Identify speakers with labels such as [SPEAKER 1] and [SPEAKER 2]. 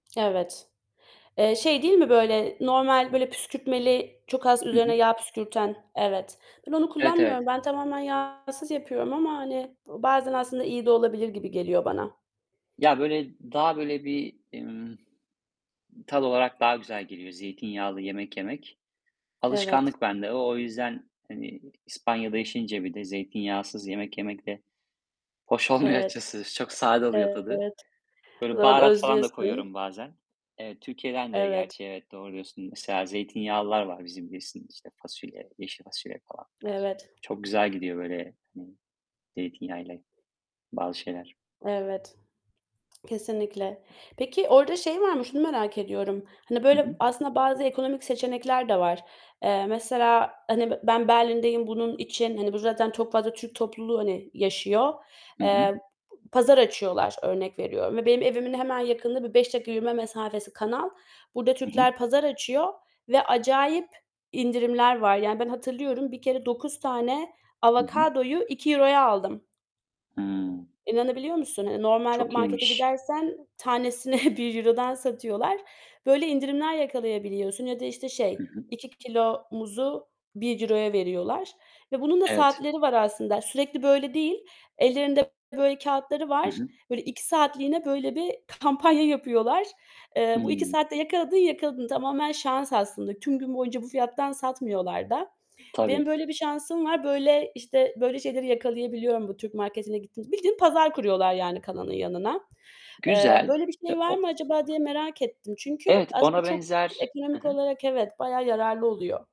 [SPEAKER 1] Evet. Eee, şey değil mi, böyle, normal, böyle, püskürtmeli, çok az
[SPEAKER 2] Hı
[SPEAKER 1] üzerine
[SPEAKER 2] hı.
[SPEAKER 1] yağ püskürten, evet. Ben onu
[SPEAKER 2] Evet,
[SPEAKER 1] kullanmıyorum.
[SPEAKER 2] evet.
[SPEAKER 1] Ben tamamen yağsız yapıyorum ama, hani, bazen aslında iyi de olabilir gibi geliyor bana.
[SPEAKER 2] Ya böyle daha böyle bir, ımm, tat olarak daha güzel geliyor zeytinyağlı yemek yemek.
[SPEAKER 1] Evet.
[SPEAKER 2] Alışkanlık bende o, o yüzden, hani, İspanya'da yaşayınca bir de zeytinyağsız yemek yemek de hoş olmuyor
[SPEAKER 1] Evet.
[SPEAKER 2] açıkçası. Çok sade
[SPEAKER 1] E
[SPEAKER 2] oluyor tadı.
[SPEAKER 1] evet. O
[SPEAKER 2] Böyle
[SPEAKER 1] zaman
[SPEAKER 2] baharat falan da
[SPEAKER 1] özlüyorsun.
[SPEAKER 2] koyuyorum bazen. Eee, Türkiye'den de
[SPEAKER 1] Evet.
[SPEAKER 2] gerçi evet, doğru diyorsun. Mesela zeytinyağlılar var bizim bilirsin işte, fasulye, yeşil fasulye falan.
[SPEAKER 1] Evet.
[SPEAKER 2] Çok güzel gidiyor, böyle, hani, zeytinyağıyla bazı şeyler.
[SPEAKER 1] Evet. Kesinlikle. Peki orada şey var mı? Şunu merak ediyorum. Hani
[SPEAKER 2] Hı
[SPEAKER 1] böyle
[SPEAKER 2] hı.
[SPEAKER 1] aslında bazı ekonomik seçenekler de var. Eee, mesela, hani, b ben Berlin'deyim bunun için, hani, burada zaten çok fazla Türk topluluğu, hani, yaşıyor,
[SPEAKER 2] Hı hı.
[SPEAKER 1] eee, pazar açıyorlar, örnek veriyorum. Ve benim evimin hemen yakınında bir 5 dakika yürüme mesafesi, kanal, burada
[SPEAKER 2] Hı hı.
[SPEAKER 1] Türkler pazar açıyor ve acayip indirimler var. Yani ben hatırlıyorum, bir kere 9 tane
[SPEAKER 2] Hı hı.
[SPEAKER 1] avokadoyu €2'ya aldım.
[SPEAKER 2] Hıı.
[SPEAKER 1] İnanabiliyor musun? Hani normalde
[SPEAKER 2] Çok
[SPEAKER 1] markete
[SPEAKER 2] iyiymiş.
[SPEAKER 1] gidersen tanesini €1'dan satıyorlar. Böyle indirimler yakalayabiliyorsun ya da işte
[SPEAKER 2] Hı
[SPEAKER 1] şey
[SPEAKER 2] hı.
[SPEAKER 1] 2 kilo muzu €1'ya veriyorlar ve bunun da
[SPEAKER 2] Evet.
[SPEAKER 1] saatleri var aslında. Sürekli böyle değil. Ellerinde böyle kağıtları
[SPEAKER 2] Hı
[SPEAKER 1] var.
[SPEAKER 2] hı.
[SPEAKER 1] Böyle, 2 saatliğine böyle bir kampanya yapıyorlar. Eee, bu 2
[SPEAKER 2] Hıı.
[SPEAKER 1] saatte yakaladın yakaladın. Tamamen şans aslında. Tüm gün boyunca bu fiyattan satmıyorlar da. Benim
[SPEAKER 2] Tabii.
[SPEAKER 1] böyle bir şansım var. Böyle, işte, böyle şeyleri yakalayabiliyorum bu Türk marketine gittiğimizde. Bildiğin pazar kuruyorlar yani kanalın yanına. Eee,
[SPEAKER 2] Güzel.
[SPEAKER 1] "Böyle bir
[SPEAKER 2] E
[SPEAKER 1] şey var
[SPEAKER 2] o
[SPEAKER 1] mı acaba?" diye merak ettim. Çünkü
[SPEAKER 2] Evet,
[SPEAKER 1] aslında
[SPEAKER 2] ona
[SPEAKER 1] çok
[SPEAKER 2] benzer Hı
[SPEAKER 1] ekonomik
[SPEAKER 2] hı.
[SPEAKER 1] olarak evet bayağı yararlı oluyor.